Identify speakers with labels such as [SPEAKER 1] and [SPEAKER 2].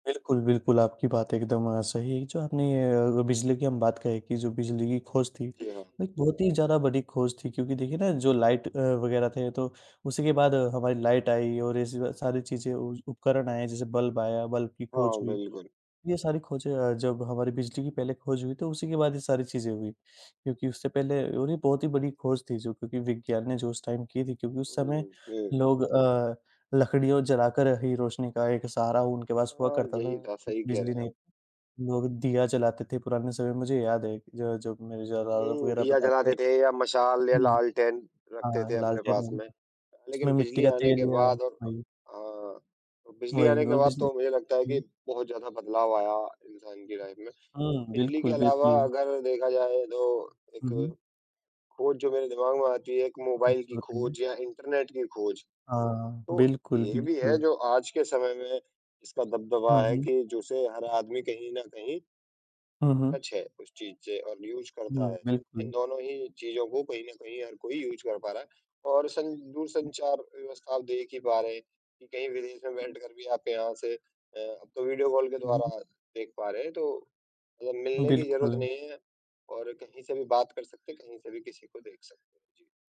[SPEAKER 1] बिल्कुल, बिल्कुल, आपकी बात एकदम सही है जो आपने ए अगर बिजली की हम बात कहें कि जो बिजली की खोज थी,
[SPEAKER 2] जी हाँ।
[SPEAKER 1] एक बहुत ही ज़्यादा बड़ी खोज थी क्योंकि देखिए ना जो लाइट अ, वग़ैरह थे तो, उसी के बाद हमारी लाइट आई और ऐसे ही सारी चीजें उज़ उपकरण आए जैसे बल्ब आया बल्ब की खोज
[SPEAKER 2] हाँ,
[SPEAKER 1] हुई।
[SPEAKER 2] बिल्कुल।
[SPEAKER 1] ये सारी खोजें अ, जब हमारी बिजली की पहले खोज हुई तो उसी के बाद ये सारी चीज़ें हुई, क्योंकि उससे पहले उन्हें बहुत ही बड़ी खोज थी जो क्योंकि विज्ञान ने जो उस टाइम की थी क्योंकि उस समय
[SPEAKER 2] हुँ, ठीक।
[SPEAKER 1] लोग अ, लकड़ियो जलाकर ही रोशनी का एक सहारा उनके पास हुआ
[SPEAKER 2] हाँ,
[SPEAKER 1] करता था,
[SPEAKER 2] यही था, सही कह रहे
[SPEAKER 1] बिजली
[SPEAKER 2] हैं
[SPEAKER 1] नहीं
[SPEAKER 2] आप।
[SPEAKER 1] लोग दिया जलाते थे पुराने समय में, मुझे याद है जो हैं जब मेरे दादा
[SPEAKER 2] हुँ,
[SPEAKER 1] वगैरह
[SPEAKER 2] दिया
[SPEAKER 1] बताते
[SPEAKER 2] जलाते थे या मशाल या
[SPEAKER 1] हुँ,
[SPEAKER 2] लालटेन रखते थे
[SPEAKER 1] हाँ,
[SPEAKER 2] अपने
[SPEAKER 1] लालटेन
[SPEAKER 2] पास में अ,
[SPEAKER 1] उसमें
[SPEAKER 2] लेकिन
[SPEAKER 1] मिट्टी
[SPEAKER 2] बिजली
[SPEAKER 1] का
[SPEAKER 2] आने
[SPEAKER 1] तेल
[SPEAKER 2] के
[SPEAKER 1] लिया
[SPEAKER 2] बाद और
[SPEAKER 1] हाँ जी।
[SPEAKER 2] हाँ अ, बिजली
[SPEAKER 1] वही
[SPEAKER 2] आने के
[SPEAKER 1] और
[SPEAKER 2] बाद
[SPEAKER 1] बिजली
[SPEAKER 2] तो मुझे लगता है कि
[SPEAKER 1] हुँ।
[SPEAKER 2] बहुत ज़्यादा बदलाव आया इंसान की लाइफ में।
[SPEAKER 1] हुँ,
[SPEAKER 2] बिजली के
[SPEAKER 1] बिल्कुल,
[SPEAKER 2] अलावा
[SPEAKER 1] बिल्कुल।
[SPEAKER 2] अगर देखा जाए तो एक
[SPEAKER 1] हुँ, हुँ।
[SPEAKER 2] खोज जो मेरे दिमाग में आती है, एक मोबाईल
[SPEAKER 1] अच्छी
[SPEAKER 2] की
[SPEAKER 1] बात है ये।
[SPEAKER 2] खोज या इंटरनेट की खोज।
[SPEAKER 1] हाँ।
[SPEAKER 2] तो,
[SPEAKER 1] बिल्कुल,
[SPEAKER 2] ये भी है
[SPEAKER 1] बिल्कुल।
[SPEAKER 2] जो आज के समय में जिसका दबदबा
[SPEAKER 1] हाँ
[SPEAKER 2] है
[SPEAKER 1] जी।
[SPEAKER 2] कि जो उसे हर आदमी कहीं न कहीं
[SPEAKER 1] हुँ,
[SPEAKER 2] अ,
[SPEAKER 1] हुँ।
[SPEAKER 2] टच है उस चीज़ से और यूज़ करता
[SPEAKER 1] हुँ,
[SPEAKER 2] है, इन
[SPEAKER 1] बिल्कुल।
[SPEAKER 2] दोनों ही चीज़ों को कहीं न कहीं हर कोई यूज़ कर पा रहा है और सं दूरसंचार व्यवस्था अब देख ही पा रहे हैं, कि कहीं विदेश में बैठकर भी आप यहाँ से अ, अब तो वीडियो कॉल के
[SPEAKER 1] हुँ, हुँ,
[SPEAKER 2] द्वारा
[SPEAKER 1] हुँ।
[SPEAKER 2] देख पा रहे हैं तो मतलब मिलने की ज़रूरत
[SPEAKER 1] बिल्कुल।
[SPEAKER 2] नहीं है और कहीं से भी बात कर सकते हैं, कहीं से भी किसी को देख सकते हैं। जी।